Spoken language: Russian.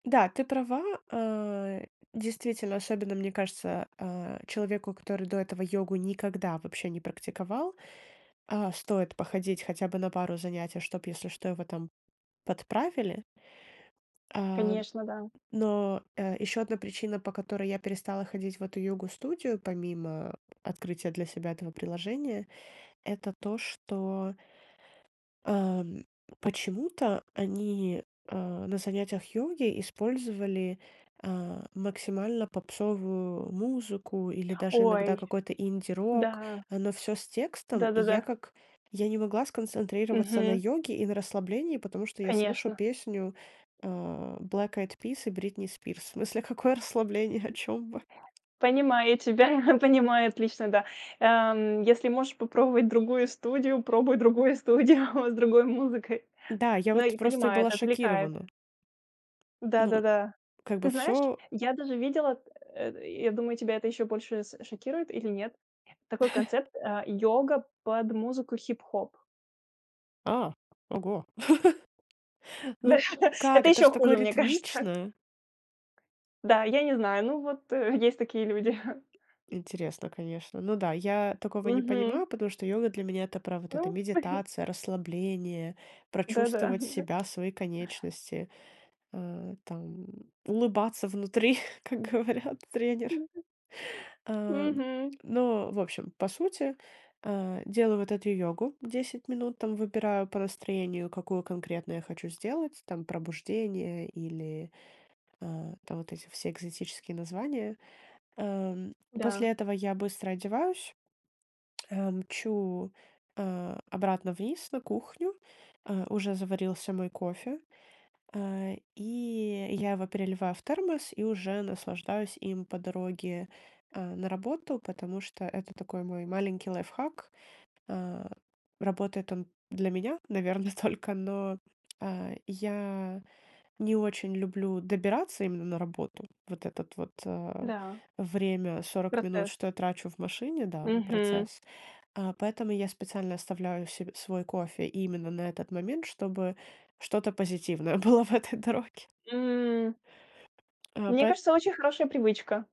Да, ты права, э. Действительно, особенно мне кажется, а, человеку, который до этого йогу никогда вообще не практиковал, а, стоит походить хотя бы на пару занятий, чтоб, если что, его там подправили. А, Конечно, да. но, э, ещё одна причина, по которой я перестала ходить в эту йогу-студию, помимо открытия для себя этого приложения, это то, что ам, почему-то они, а, на занятиях йоги использовали, а, максимально попсовую музыку или даже иногда Ой. какой-то Да. инди-рок, э, но всё с текстом. И я Да-да-да. как я не могла сконцентрироваться на Мгм. йоге и на расслаблении, потому что я слышу Конечно. песню, э, Black Eyed Peas и Бритни Спирс. В смысле, какое расслабление, о чём вы? Понимаю тебя, понимаю отлично, да. Ам, если можешь попробовать другую студию, пробуй другую студию с другой музыкой. Да, я Ну вот и просто понимает, была отвлекает. шокирована. Ну, Да-да-да. как бы Ты знаешь, всё. я даже видела, э, я думаю, тебя это еще больше с шокирует или нет. Такой концепт, э, йога под музыку хип-хоп. А, ого! Ну, как, Это это ж ещё такое хуже, мне кажется. ритмичное. Да, я не знаю, ну вот, э, есть такие люди. Интересно, конечно. Ну да, я такого не Мгм. понимаю, потому что йога для меня- это про вот это: Ну. медитация, расслабление, Да, да. прочувствовать себя, свои конечности, а, там, улыбаться внутри, как говорят тренер. Ам, Мгм. но, в общем, по сути, э, делаю вот эту йогу, 10 минут там выбираю по настроению, какую конкретно я хочу сделать. Там пробуждение или, а, там вот эти все экзотические названия. Ам, после Да. этого я быстро одеваюсь, э, мчу, а, обратно вниз на кухню. Э, уже заварился мой кофе, э, и я его переливаю в термос и уже наслаждаюсь им по дороге, а, на работу, потому что это такой мой маленький лайфхак. А, работает он для меня, наверно, только, но, э, я не очень люблю добираться именно на работу. Вот этот вот, а, Да. время 40 минут, Процесс. что я трачу в машине, да, Мгм. процесс, э, поэтому я специально оставляю се свой кофе именно на этот момент, чтобы что-то позитивное было в этой дороге. М. Э, Мне поэ. кажется, очень хорошая привычка.